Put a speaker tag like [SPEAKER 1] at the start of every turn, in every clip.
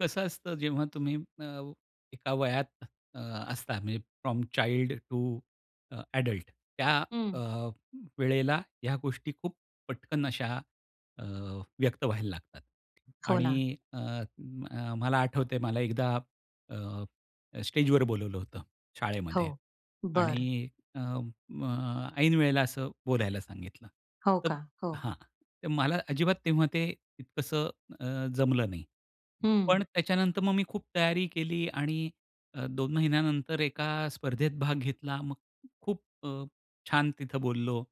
[SPEAKER 1] कसं असतं जेव्हा तुम्ही अ, एका वयात अ, असता म्हणजे from child to uh, adult त्या अ,
[SPEAKER 2] हं.
[SPEAKER 1] वेळेला ह्या गोष्टी खूप पटकन अशा अ, व्यक्त व्हायला लागतात
[SPEAKER 2] हो ना.
[SPEAKER 1] आणि अ, अ, मला आठवतंय मला एकदा अ, स्टेजवर बोलावलं होतं शाळेमध्ये
[SPEAKER 2] हो. बरं.
[SPEAKER 1] आणि अ, अ, ऐनवेळेला असं बोलायला सांगितलं.
[SPEAKER 2] हो
[SPEAKER 1] तर
[SPEAKER 2] का. हो.
[SPEAKER 1] हां. तर मला अजिबात तेव्हा ते इतकसं अ, जमलं नाही पण
[SPEAKER 2] हं.
[SPEAKER 1] त्याच्यानंतर मग मी खूप तयारी केली आणि अ, 2 महिन्यानंतर एका स्पर्धेत भाग घेतला. मग खूप अ, छान तिथं बोललो.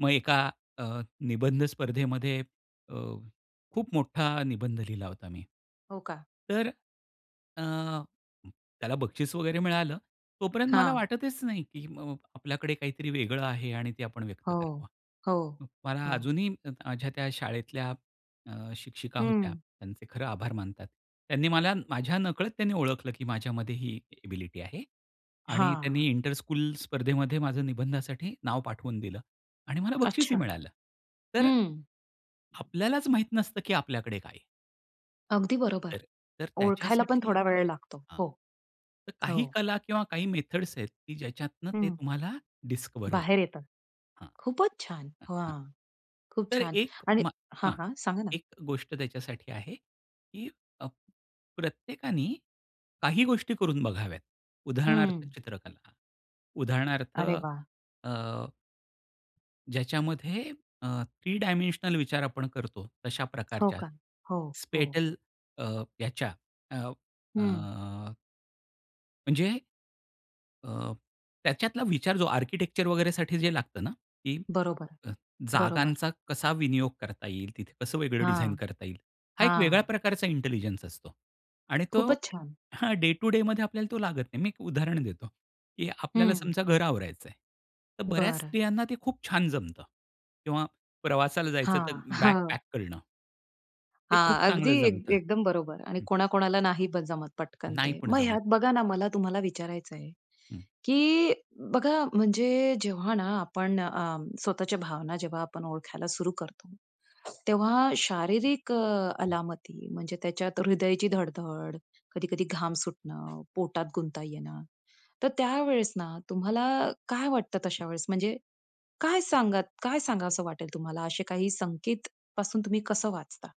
[SPEAKER 1] मग एका अ, निबंध स्पर्धेमध्ये अ, खूप मोठा निबंध लिहिला होता मी.
[SPEAKER 2] हो का.
[SPEAKER 1] तर अ, त्याला बक्षीस वगैरे मिळालं. तोपर्यंत मला
[SPEAKER 2] हां.
[SPEAKER 1] वाटतच नाही की अ, आपल्याकडे काहीतरी वेगळं आहे आणि ते आपण व्यक्त
[SPEAKER 2] हो,
[SPEAKER 1] करावं.
[SPEAKER 2] हो,
[SPEAKER 1] मला
[SPEAKER 2] हो.
[SPEAKER 1] अजूनही माझ्या त्या शाळेतल्या अ, शिक्षिका होत्या.
[SPEAKER 2] हं.
[SPEAKER 1] त्यांचे खरं आभार मानतात. त्यांनी मला माझ्या नकळत त्यांनी ओळखलं, की माझ्यामध्ये ही एबिलिटी आहे. आणि
[SPEAKER 2] हां.
[SPEAKER 1] त्यांनी इंटरस्कूल स्पर्धेमध्ये माझ्या निबंधासाठी नाव पाठवून दिलं आणि मला
[SPEAKER 2] अच्छा,
[SPEAKER 1] बक्षीसही मिळालं. तर अ,
[SPEAKER 2] हं.
[SPEAKER 1] आपल्यालाच माहीत नसतं की आपल्याकडे काय आहे?
[SPEAKER 2] अगदी बरोबर,
[SPEAKER 1] तर तर
[SPEAKER 2] ओळखायला पण
[SPEAKER 1] त्याच्यासाठी
[SPEAKER 2] थोडा वेळ लागतो.
[SPEAKER 1] हां.
[SPEAKER 2] हो.
[SPEAKER 1] तर
[SPEAKER 2] हो.
[SPEAKER 1] काही कला किंवा काही मेथड्स आहेत की ज्याच्यातनं ते
[SPEAKER 2] हं.
[SPEAKER 1] तुम्हाला डिस्कव्हर
[SPEAKER 2] बाहेर
[SPEAKER 1] होतं.
[SPEAKER 2] येतात.
[SPEAKER 1] हां, हां,
[SPEAKER 2] खूपचं छान!
[SPEAKER 1] हां, हां.
[SPEAKER 2] वॉव! खूप
[SPEAKER 1] तर
[SPEAKER 2] छान!
[SPEAKER 1] एक
[SPEAKER 2] आणि
[SPEAKER 1] मा
[SPEAKER 2] हां,
[SPEAKER 1] हां,
[SPEAKER 2] हां. सांगा ना?
[SPEAKER 1] एक गोष्ट त्याच्यासाठी आहे की अ, प्रत्येकाने काही गोष्टी करून बघाव्यात उदाहरणार्थ
[SPEAKER 2] हं.
[SPEAKER 1] चित्रकला, उदाहरणार्थ
[SPEAKER 2] अरे वाह!
[SPEAKER 1] अ ज्याच्यामध्ये अ, 3 डायमेन्शनल विचार आपण करतो तशा
[SPEAKER 2] हो
[SPEAKER 1] प्रकारच्या
[SPEAKER 2] का? हो, हो.
[SPEAKER 1] स्पेटल अ, याच्या अ,
[SPEAKER 2] हं.
[SPEAKER 1] अ म्हणजे अ, त्याच्यातला विचार जो आर्किटेक्चर वगैरेसाठी जे लागतं ना की
[SPEAKER 2] बरोबर.
[SPEAKER 1] अ,
[SPEAKER 2] बरोबर.
[SPEAKER 1] जागांचा कसा विनियोग करता येईल तिथे, कसं वेगळं डिझाइन
[SPEAKER 2] हां.
[SPEAKER 1] करता येईल? हा एक वेगळ्या
[SPEAKER 2] हां.
[SPEAKER 1] प्रकारचा इंटेलिजन्स असतो. आणि तो
[SPEAKER 2] खूपच छान.
[SPEAKER 1] हां, डे टु डेमध्ये आपल्याला तो लागत नाही. मी एक उदाहरण देतो, की आपल्याला
[SPEAKER 2] हं.
[SPEAKER 1] समजा घर आवरायचं आहे. तर बऱ्याच
[SPEAKER 2] बरं.
[SPEAKER 1] स्त्रियांना ते खूप छान जमतं किंवा प्रवासाला जायचं तर
[SPEAKER 2] हां,
[SPEAKER 1] बॅग
[SPEAKER 2] हां.
[SPEAKER 1] पॅक करणं. ते
[SPEAKER 2] हां,
[SPEAKER 1] खूप
[SPEAKER 2] अगदी
[SPEAKER 1] चांगलं
[SPEAKER 2] एक
[SPEAKER 1] जमत.
[SPEAKER 2] एकदम बरोबर आणि
[SPEAKER 1] हं.
[SPEAKER 2] कोणाकोणाला नाही ब जमत पटकन
[SPEAKER 1] नाही
[SPEAKER 2] ते.
[SPEAKER 1] पण
[SPEAKER 2] मग
[SPEAKER 1] जमत.
[SPEAKER 2] ह्यात बघा ना मला तुम्हाला विचारायच आहे,
[SPEAKER 1] हं.
[SPEAKER 2] की बघा म्हणजे जेव्हा ना आपण अ, स्वतःच्या भावना जेव्हा आपण ओळखायला सुरू करतो, तेव्हा शारीरिक अ, अलामती म्हणजे त्याच्यात हृदयाची धड-धड, कधी-कधी घाम सुटणं, पोटात गुंता येणं. तर त्यावेळेस ना तुम्हाला काय वाटतं तशा वेळेस म्हणजे काय सांगत काय सांगावसं वाटेल तुम्हाला असे काही संकेत पासून तुम्ही कसं वाचता?